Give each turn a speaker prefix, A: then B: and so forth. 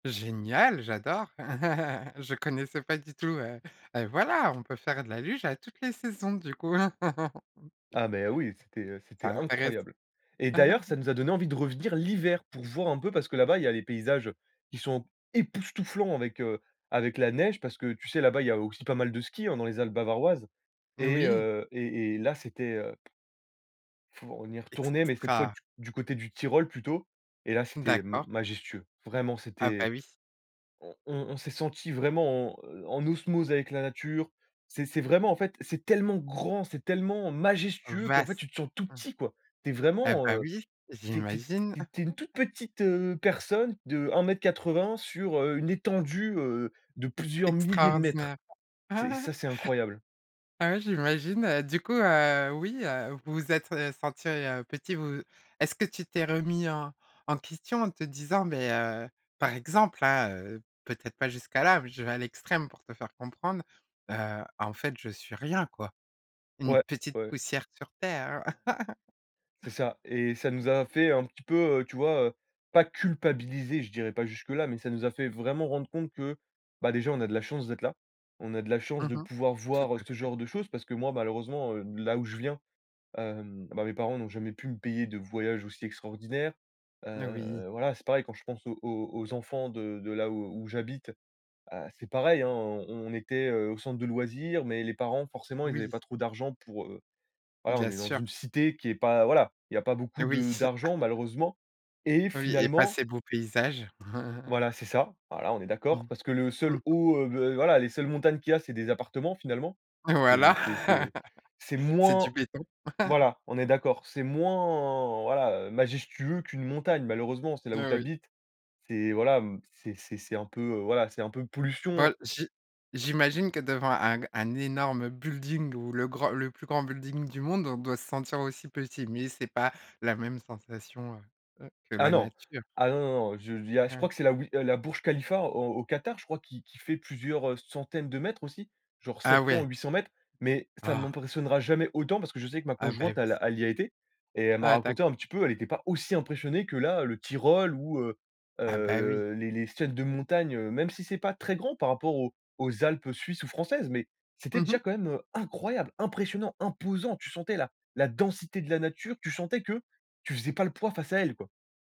A: Génial, j'adore, je connaissais pas du tout, heu, heu, voilà on peut faire de la luge à toutes les saisons du coup.
B: Ah, mais oui, c'était, heu,
A: C'est
B: c'était
A: intéressant.
B: incroyable, et d'ailleurs, ça nous a donné envie de revenir l'hiver, pour voir un peu, parce que là-bas, il y a les paysages qui sont époustouflants avec, heu, avec la neige, parce que tu sais? Là-bas, il y a aussi pas mal de ski, hein, dans les Alpes bavaroises,
A: N
B: et
A: oui.
B: heu, et et là c'était heu Faut on y est retourné, mais cette fois d
A: Extra.
B: du côté du Tyrol plutôt, et là c'était ma
A: D'accord.
B: majestueux, vraiment
A: Ah, bah,
B: c'était
A: oui.
B: on on on s'est senti vraiment en, heu, en osmose avec la nature. C'est c'est vraiment en fait c'est tellement grand, c'est tellement majestueux qu'en fait
A: Vaste,
B: tu te sens tout
A: mmh,
B: petit quoi. Tu es
A: et
B: vraiment,
A: ben
B: heu,
A: oui,
B: tu es tu es
A: j'imagine.
B: tu es une toute petite, heu, personne de 1 m 80 sur, heu, une étendue, heu, de plusieurs milliers de mètres.
A: Extraordinaire.
B: C'est ça, c'est incroyable.
A: Ah, ouais, j'imagine, heu, du coup, heu, oui, heu, vous vous êtes, heu, sentis, heu, petits vous est-ce que tu t'es remis en en question en te disant mais heu, par exemple, hein, heu, peut-être pas jusque là, mais je vais à l'extrême pour te faire comprendre, heu: «En fait, je suis rien quoi»? Une
B: Ouais,
A: petite
B: ouais.
A: poussière sur terre.
B: C'est ça, et ça nous a fait un petit peu, heu, tu vois? Heu, pas culpabiliser, je dirais pas jusque là, mais ça nous a fait vraiment rendre compte que, bah, déjà on a de la chance d'être là. On a de la chance
A: Mmh
B: de
A: mh.
B: pouvoir
A: Tout
B: voir
A: à
B: ce
A: fait.
B: genre de choses, parce que moi malheureusement, heu, là où je viens, hem, bah, mes parents n'ont jamais pu me payer de voyages aussi extraordinaires.
A: N oui.
B: Heu, voilà c'est pareil quand je pense aux aux aux enfants de de là où où j'habite, bah, c'est pareil hein, on on était, heu, au centre de loisirs, mais les parents forcément ils avaient
A: Oui.
B: pas trop d'argent pour, heu, voilà on
A: Bien
B: est dans
A: sûr.
B: une cité qui est pas voilà, il y a pas beaucoup
A: Oui.
B: de d'argent malheureusement, et
A: Oui et pas
B: finalement
A: ces beaux paysages.
B: Voilà c'est ça. Voilà on est d'accord,
A: Mmh,
B: parce que le
A: mmh
B: seul
A: mh.
B: haut, heu, v voilà les seules montagnes qu'il y a c'est des appartements finalement. C'est
A: Voilà,
B: c'est c'est c'est
A: c'est du
B: moins
A: béton.
B: voilà, on est d'accord. C'est moins, voilà, heu, majestueux qu'une montagne malheureusement, c'est là où tu
A: Oui.
B: habites. C'est voilà m c'est c'est c'est un peu voilà, c'est un peu pollution.
A: Ben j'i j'imagine que devant un g un énorme building ou le grand le plus grand building du monde, on doit se sentir aussi petit, mais c'est pas la même sensation, heu, heu, que
B: Ah
A: la
B: non.
A: nature.
B: Ah non, non, je il y a je crois
A: Ouais.
B: que c'est la oui la Burj Khalifa au au Qatar, je crois qui qui fait plusieurs, heu, centaines de mètres aussi, genre
A: Ah
B: 700 ou
A: ouais.
B: 800 m, mais, ça ne
A: Ah.
B: m'impressionnera jamais autant, parce que je sais que ma
A: Ah, bah,
B: conjointe
A: oui.
B: elle a elle y a été et elle m'a
A: Ah
B: raconté
A: d'accord.
B: un petit peu, elle était pas aussi impressionnée que là, le Tyrol ou heu,
A: Ah, bah, oui.
B: le les les ciels de montagnes, heu, même si c'est pas très grand par rapport aux aux Alpes suisses ou françaises, mais c'était
A: Mmh
B: déjà
A: mh.
B: quand même, heu, incroyable, impressionnant, imposant. Tu sentais la la densité de la nature, tu sentais que tu faisais pas le poids face à elle quoi.